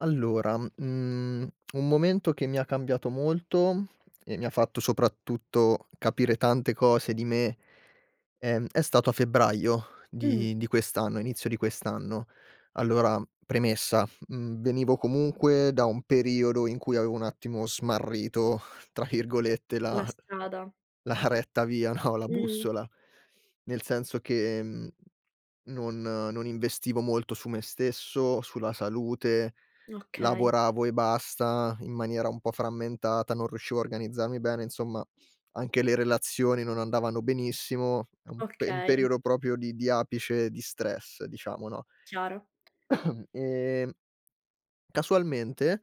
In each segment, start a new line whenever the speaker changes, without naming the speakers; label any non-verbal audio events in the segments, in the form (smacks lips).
Allora, mhmm, (smacks lips) un momento che mi ha cambiato molto, e mi fatto soprattutto capire tante cose di me, ehm, è stato a febbraio
Mh.
di di quest'anno inizio di quest'anno. Allora, premessa: mhmm, venivo comunque da un periodo in cui, avevo un attimo "smarrito", tra virgolette,
La
la
strada.
la retta via, no, la
Mh-mh.
bussola. Nel senso che, mhmm, non non investivo molto su me stesso, sulla salute,
Okay.
lavoravo e basta, in maniera un po' frammentata, non riuscivo a organizzarmi bene, insomma, anche le relazioni non andavano benissimo. È un pe un
Okay.
periodo proprio di di apice di stress diciamo, no?
Chiaro.
(coughs) Ehm casualmente,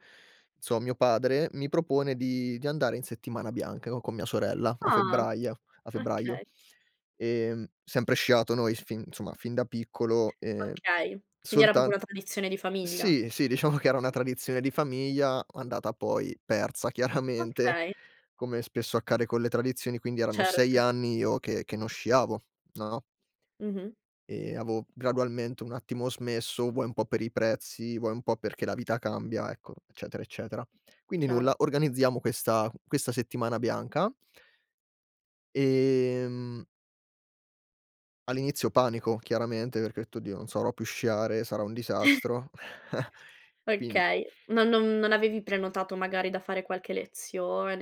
inso mio padre mi propone di di andare in settimana bianca co con mia sorella a
Ah!
febbraio a febbraio.
Okay.
Ehm, sempre sciato noi, f fin somma, fin da piccolo, ehm
Okay. Quindi era proprio una
soltant
tradizione di famiglia?
sì, sì, diciamo che era una tradizione di famiglia, andata poi persa, chiaramente,
Okay.
come spesso accade con le tradizioni. Quindi erano 6
Certo.
anni, io che che che non sciavo, no?
Mh-mh.
Ehm, avevo gradualmente un attimo smesso, vuoi un po' per i prezzi, vuoi un po' perché la vita cambia, ecco, eccetera eccetera. Quindi
Chiaro.
nulla, organizziamo questa questa settimana bianca ehm all'inizio panico chiaramente, perché ho detto: "Oddio, non sarò più sciare, sarò un
(chuckles)
disastro." (chuckles) Quin
Okay. Non non non avevi prenotato, magari, da fare qualche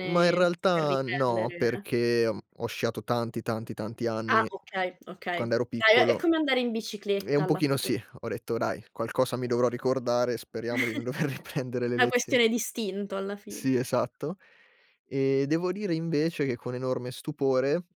Ma in
Per
realtà no,
riprendere?
perché ho, mhmm ho sciato tanti, tanti, tanti
Ah,
anni
okay, okay.
quando ero
Dai è è
piccolo
come andare in
(clicks tongue) eh,
bicicletta
un
alla fi
pochino sì. Ho detto: "Dai, qualcosa mi dovrò ricordare, speriamo di non dover
(chuckles)
riprendere le
Una
lezio"
questione d'istinto alla fine.
Sì, esatto. E, devo dire invece, che con enorme stupore